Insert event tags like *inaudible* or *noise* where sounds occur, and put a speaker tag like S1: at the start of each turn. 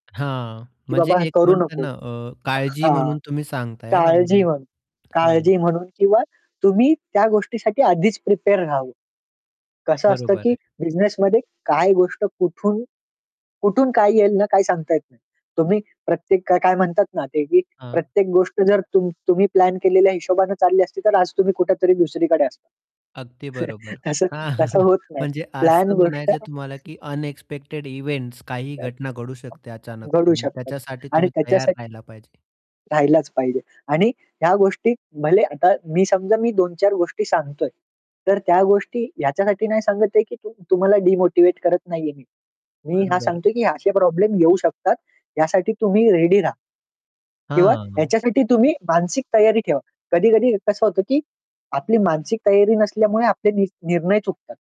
S1: हां,
S2: की
S1: म्हणजे
S2: बाबा हे
S1: एक
S2: करू
S1: म्हणता
S2: नको.
S1: ना, अ, काळजी
S2: हां.
S1: म्हणून तुम्ही सांगताय ना
S2: काळजी
S1: म्हणजे
S2: म्हणून. काळजी
S1: हां.
S2: म्हणून किंवा तुम्ही त्या गोष्टीसाठी आधीच प्रिपेअर राहावं. कसं असतं,
S1: बरोबर
S2: की
S1: आहे.
S2: बिझनेसमध्ये काय गोष्ट कुठून, कुठून काय येईल ना काही सांगता येत नाही. तुम्ही प्रत्येक का काय म्हणतात ना, ते की
S1: हां.
S2: प्रत्येक गोष्ट जर तुम तुम्ही प्लॅन केलेल्या हिशोबाने चालली असती तर आज तुम्ही कुठेतरी दुसरीकडे असता.
S1: अगदी बरोबर.
S2: *chuckles* तसं
S1: हां
S2: तसं
S1: *chuckles*
S2: होत नाही.
S1: म्हणजे
S2: प्लॅन
S1: असं
S2: गोष्ट
S1: म्हणायचं आहे तुम्हाला,
S2: *chuckles*
S1: की अनएक्सपेक्टेड इव्हेंट्स काहीही घटना घडू शकते
S2: *unintelligible*
S1: अचानक.
S2: घडू
S1: आणि
S2: शकतात.
S1: त्याच्यासाठी
S2: आणि
S1: तुम्ही तयार
S2: त्याच्यासाठी
S1: राहिला पाहिजे.
S2: राहिलाच पाहिजे. आणि ह्या गोष्टी भले आता मी समजा मी 2-4 गोष्टी सांगतोय, तर त्या गोष्टी याच्यासाठी नाही सांगत आहे की तुम्हाला डिमोटिव्हेट करत नाहीये मी. मी
S1: बरं,
S2: हा
S1: बरं.
S2: सांगतोय की असे प्रॉब्लेम येऊ शकतात, यासाठी तुम्ही रेडी रहा. किंवा
S1: हां.
S2: ह्याच्यासाठी तुम्ही मानसिक तयारी ठेवा. कधी-कधी कसं होतं, की आपली मानसिक तयारी नसल्यामुळे आपले नि निर्णय चुकतात.